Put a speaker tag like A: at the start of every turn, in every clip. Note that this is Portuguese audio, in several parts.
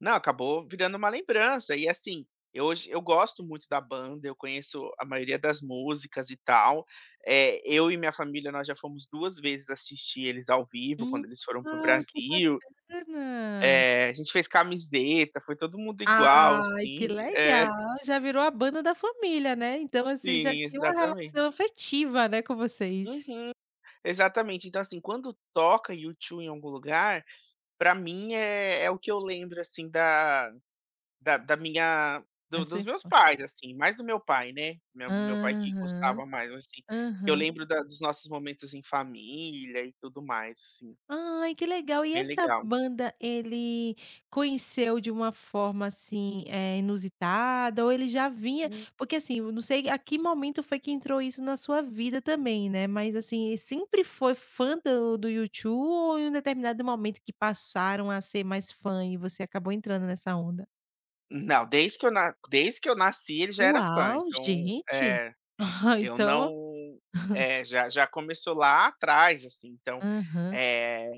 A: Não, acabou virando uma lembrança, e, assim, eu hoje eu gosto muito da banda, eu conheço a maioria das músicas e tal, eh, eu e minha família nós já fomos 2 vezes assistir eles ao vivo
B: Hum,
A: quando eles foram pro
B: legal, que
A: Brasil.
B: bacana.
A: É. A gente fez camiseta, foi todo mundo igual,
B: Ai que
A: assim. É.
B: legal, já virou a banda da família, né? Então, assim, já
A: Sim,
B: tinha uma
A: exatamen
B: relação afetiva, né, com vocês.
A: Uhum, exatamente. Então, assim, quando toca U2 em algum lugar, pra mim, é é o que eu lembro assim da da da minha
B: Na
A: do
B: sua
A: dos meus
B: infan
A: pais, assim, mais do meu pai né, me meu pai que
B: Aham,
A: gostava mais assim, eu
B: aham.
A: lembro da dos nossos momentos em família e tudo mais assim.
B: Ai que legal. E
A: Bem
B: essa
A: legal.
B: banda ele conheceu de uma forma assim, eh, inusitada? Ou ele já vinha
A: Hum.
B: porque, assim, eu não sei a que momento foi que entrou isso na sua vida também, né, mas, assim, ele sempre foi fã do do U2 ou em um determinado momento que passaram a ser mais fã, e você acabou entrando nessa onda?
A: Não, desde que eu na desde que eu nasci ele já era fã,
B: Uau,
A: então
B: gente.
A: é! Eu não
B: Então
A: é. Já já começou lá atrás assim, então.
B: Aham.
A: Eh,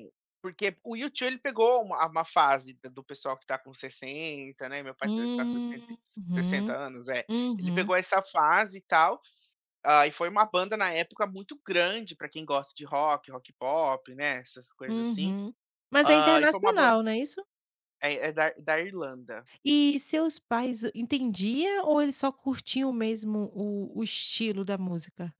A: porque o U2 ele pegou uma a uma fase de do pessoal que tá com 60, né? Meu pai tá, eh, sessenta
B: Uhum,
A: sessenta anos? É. Ele
B: uhum.
A: pegou essa fase e tal, ah, e foi uma banda na época muito grande pra quem gosta de rock, rock pop né essas coisas assim,
B: Uhum. Mas é
A: hã, e foi uma ban
B: internacional, não é isso?
A: É é da da Irlanda.
B: E seus pais entendiam ou eles só curtiam mesmo o o estilo da música?